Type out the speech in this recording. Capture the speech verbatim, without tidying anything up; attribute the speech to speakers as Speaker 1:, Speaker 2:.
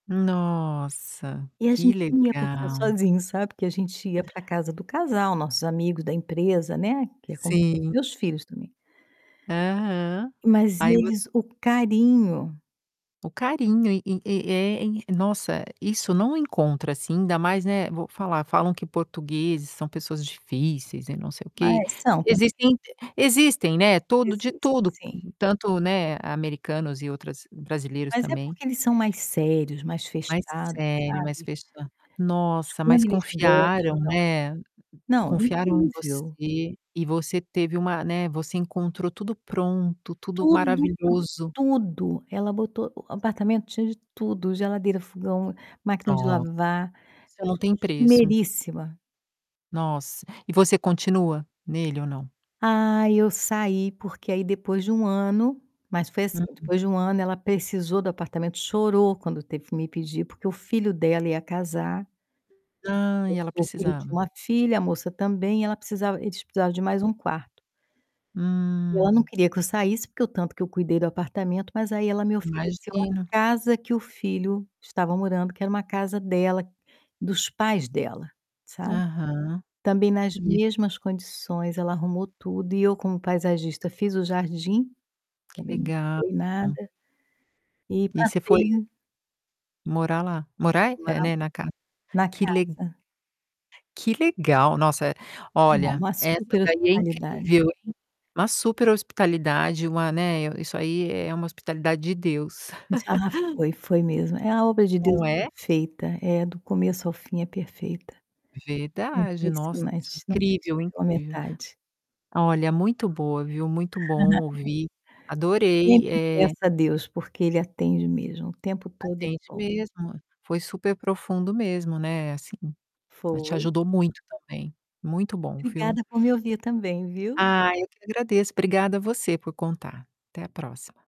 Speaker 1: Nossa,
Speaker 2: E a
Speaker 1: que
Speaker 2: gente não ia passar
Speaker 1: legal!
Speaker 2: sozinho, sabe, que a gente ia para casa do casal, nossos amigos da empresa, né, que é como se fosse
Speaker 1: Sim.
Speaker 2: meus filhos também.
Speaker 1: Aham.
Speaker 2: Mas
Speaker 1: Aí vo
Speaker 2: eles o carinho.
Speaker 1: O carinho e e e é, em nossa, isso não encontra assim, ainda mais, né, vou falar, falam que portugueses são pessoas difíceis e não sei o quê.
Speaker 2: Mas são também.
Speaker 1: Existem eh existem, né, todo de
Speaker 2: Existem,
Speaker 1: tudo,
Speaker 2: sim.
Speaker 1: tanto, né, americanos e outras brasileiros
Speaker 2: Mas é
Speaker 1: também.
Speaker 2: porque eles são mais sérios, mais
Speaker 1: Mais
Speaker 2: fechados,
Speaker 1: sério, mais
Speaker 2: sabe
Speaker 1: fecha Nossa, mas
Speaker 2: quando eles
Speaker 1: confiaram,
Speaker 2: gostam.
Speaker 1: né,
Speaker 2: Não,
Speaker 1: confiaram em
Speaker 2: incrível.
Speaker 1: você e você teve uma, né, você encontrou tudo pronto, tudo
Speaker 2: Tudo, pro
Speaker 1: maravilhoso.
Speaker 2: tudo! Ela botou o apartamento tinha de tudo: geladeira, fogão, máquina de
Speaker 1: Nossa,
Speaker 2: lavar,
Speaker 1: isso não
Speaker 2: tudo
Speaker 1: tem
Speaker 2: de
Speaker 1: preço.
Speaker 2: primeiríssima.
Speaker 1: Nossa, e você continua nele ou não?
Speaker 2: Ai, eu saí, porque aí depois de um ano Mas foi assim,
Speaker 1: Uhum.
Speaker 2: depois de um ano, ela precisou do apartamento, chorou quando teve que me pedir, porque o filho dela ia casar.
Speaker 1: Ai,
Speaker 2: Esso
Speaker 1: ela
Speaker 2: o filho tinha
Speaker 1: precisava.
Speaker 2: uma filha, a moça também e ela precisava eles precisavam de mais um quarto. E ela não
Speaker 1: Hum.
Speaker 2: queria que eu saísse, porque o tanto que eu cuidei do apartamento, mas aí ela me ofereceu
Speaker 1: Imagino.
Speaker 2: a casa que o filho estava morando que era uma casa dela, dos pais dela, sabe.
Speaker 1: Aham,
Speaker 2: Também nas
Speaker 1: e
Speaker 2: mesmas condições, ela arrumou tudo e eu como paisagista, fiz o jardim,
Speaker 1: Que
Speaker 2: também não
Speaker 1: legal.
Speaker 2: mudei nada, e
Speaker 1: E você foi
Speaker 2: passei
Speaker 1: morar lá. Morar, eh,
Speaker 2: Morar
Speaker 1: né, na ca
Speaker 2: na
Speaker 1: Que le
Speaker 2: casa.
Speaker 1: Que legal! Nossa,
Speaker 2: Não,
Speaker 1: olha,
Speaker 2: uma
Speaker 1: essa
Speaker 2: super
Speaker 1: daí é
Speaker 2: hospitalidade.
Speaker 1: incrível, hein. Uma superhospitalidade, uma, né, eh, isso aí é uma hospitalidade de Deus.
Speaker 2: Isso ela foi, foi mesmo. É, a obra de Deus
Speaker 1: Não
Speaker 2: é
Speaker 1: é?
Speaker 2: perfeita. É, do começo ao fim, é perfeita.
Speaker 1: Verdade. Nossa!
Speaker 2: Impressionante, não deixa
Speaker 1: Incrível,
Speaker 2: pela
Speaker 1: incrível.
Speaker 2: metade.
Speaker 1: Olha, muito boa, viu, muito bom ouvir, adorei,
Speaker 2: Sempre
Speaker 1: eh
Speaker 2: peça a Deus, porque Ele atende mesmo, o tempo todo, Ele é
Speaker 1: Atende
Speaker 2: bom.
Speaker 1: mesmo, foi superprofundo mesmo, né, assim ela te
Speaker 2: Foi.
Speaker 1: ajudou muito também. Muito bom, viu?
Speaker 2: Obrigada por me ouvir também, viu?
Speaker 1: Ai, eu que agradeço. Obrigada você por contar. Até a próxima.